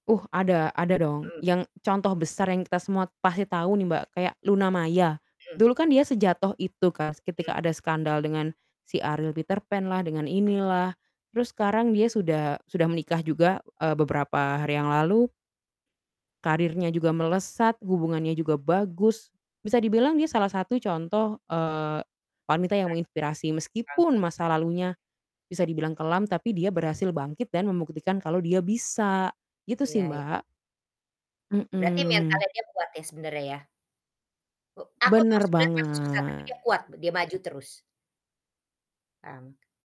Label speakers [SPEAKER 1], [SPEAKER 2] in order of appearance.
[SPEAKER 1] Uh, ada ada dong.
[SPEAKER 2] Mhm.
[SPEAKER 1] Yang contoh besar yang kita semua pasti tahu nih Mbak, kayak Luna Maya.
[SPEAKER 2] Mmm.
[SPEAKER 1] Dulu kan dia sejatuh itu kas, ketika
[SPEAKER 2] Mhm.
[SPEAKER 1] ada skandal dengan si Ariel Peterpan lah, dengan ini lah. Terus sekarang dia sudah sudah menikah juga, eee, beberapa hari yang lalu karirnya juga melesat, hubungannya juga bagus. Bisa dibilang dia salah satu contoh, eee, wanita yang
[SPEAKER 2] [unintelligible]
[SPEAKER 1] menginspirasi, meskipun
[SPEAKER 2] Bangkit.
[SPEAKER 1] masa lalunya, bisa dibilang kelam, tapi dia berhasil bangkit dan membuktikan kalau dia bisa. Gitu sih,
[SPEAKER 2] Iya y
[SPEAKER 1] Mbak.
[SPEAKER 2] Berarti
[SPEAKER 1] Mhm.
[SPEAKER 2] mentalnya dia kuat ya, sebenarnya ya? U aku tahu
[SPEAKER 1] Benar
[SPEAKER 2] sebenarnya pasti susah, tapi
[SPEAKER 1] banget.
[SPEAKER 2] dia kuat, dia maju terus. Kan.